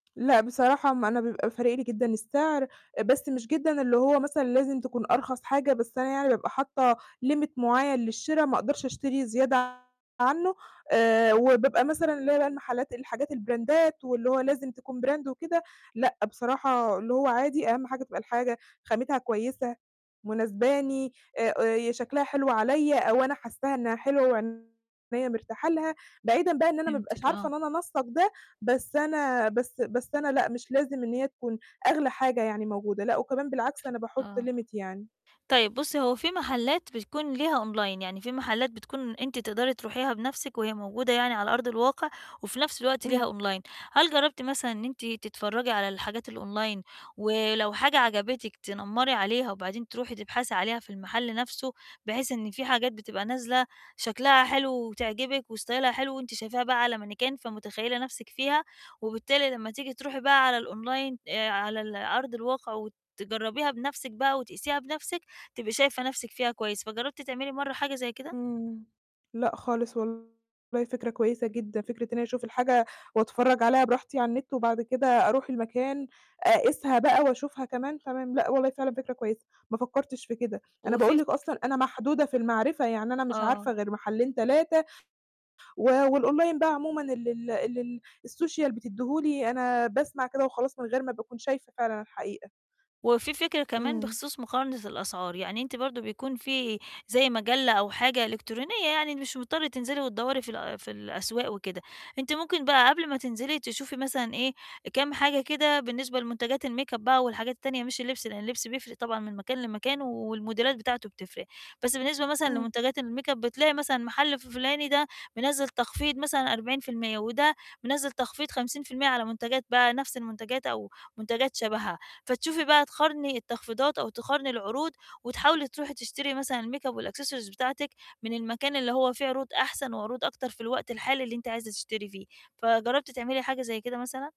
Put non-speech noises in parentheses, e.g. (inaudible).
لأ، بصراحة ما أنا بيبقى فارق لي جدًا السعر، بس مش جدًا اللي هو مثلًا لازم تكون أرخص حاجة، بس أنا يعني بابقى حاطة limit مُعين للشِرا، ما أقدرش أشتري زيادة عنه، آآ وبيبقى مثلًا اللي هو بقى المحلات الحاجات البراندات واللي هو لازم تكون brand وكده. لأ بصراحة، اللي هو عادي أهم حاجة تبقى الحاجة خاماتها كويسة، مناسباني، آآ يا شكلها حلو عليّا، أو أنا حاسّاها إنها حلوة، وعينيا مرتاحة لها، بعيدًا بقى إن أنا ما أبقاش (unintelligible) عارفة آه. إن أنا أنسّق ده، بس أنا بس بس أنا لأ، مش لازم إن هي تكون أغلى حاجة يعني موجودة. لأ، وكمان بالعكس أنا باحط آه. limit يعني. طيب بُصّي، هو في محلات بتكون ليها online، يعني في محلات بتكون أنتِ تقدري تروحيها بنفسِك، وهي موجودة يعني على أرض الواقع، وفي نفس الوقت امم. ليها online هل جربتِ مثلًا إن أنتِ تتفرجي على الحاجات الonline ولو حاجة عجبتِك، تنمّري عليها، وبعدين تروحي تبحثي عليها في المحل نفسه، بحيث إن في حاجات بتبقى نازلة شكلها حلو وتعجبِك وستايلها حلو، وأنتِ شايفاها بقى على مانيكان فمُتخيلة نفسِك فيها، وبالتالي لما تيجي تروحي بقى على الonline آآ على الأرض الواقع، وتجربيها بنفسِك بقى، وتقيسيها بنفسِك، تبقي شايفة نفسِك فيها كويس، فجربتِ تعملي مرّة حاجة زي كده؟ امم. لأ خالص، والله فكرة كويسة جدًا، فكرة إن أنا أشوف الحاجة وأتفرج عليها براحتي على النت، وبعد كده أروح المكان، أقيسها بقى، وأشوفها كمان، تمام، لأ والله فعلًا فكرة كويسة، ما فكرتش في كده. أنا وفي باقول لِك فكر أصلًا أنا محدودة في المعرِفة، يعني أنا مش آه. عارفة غير محلين، 3 و والonline بقى عمومًا اللي ال اللي الsocial بتدّيه لي، أنا باسمع كده وخلاص، من غير ما باكون شايفة فعلًا الحقيقة. وفي فكرة كمان امم. بخصوص مُقارنة الأسعار، يعني أنتِ برضه بيكون في زي مجلة أو حاجة، إلكترونية يعني مش مُضطرة تنزلي، وتدوري في ال في الأسواق وكده. أنتِ مُمكن بقى قبل ما تنزلي تشوفي مثلًا إيه، كام حاجة كده بالنسبة لمُنتجَات الmakeup بقى، والحاجات التانية مش اللبس، لإن اللبس بيفرق طبعًا من مكان، لمكان و الموديلات بتاعته بتفرِق، بس بالنسبة مثلًا امم. لمنتجَات الmakeup بتلاقي مثلًا المحل ف فُلاني ده، منزِّل تخفيض مثلًا 40% وده مِنزِّل تخفيض 50% على منتجَات بقى نفس المنتجَات أو منتجَات شَبهها، فتشوفي بقى، تقارني التخفيضات، أو تقارني العروض، وتحاولي تروحي تشتري مثلًا الmakeup، والaccessories بتاعتِك من المكان اللي هو فيه عروض أحسن، وعروض أكتر، في الوقت الحالي اللي أنتِ عايزة تشتري فيه. فجربتِ تعملي حاجة زي كده مثلًا؟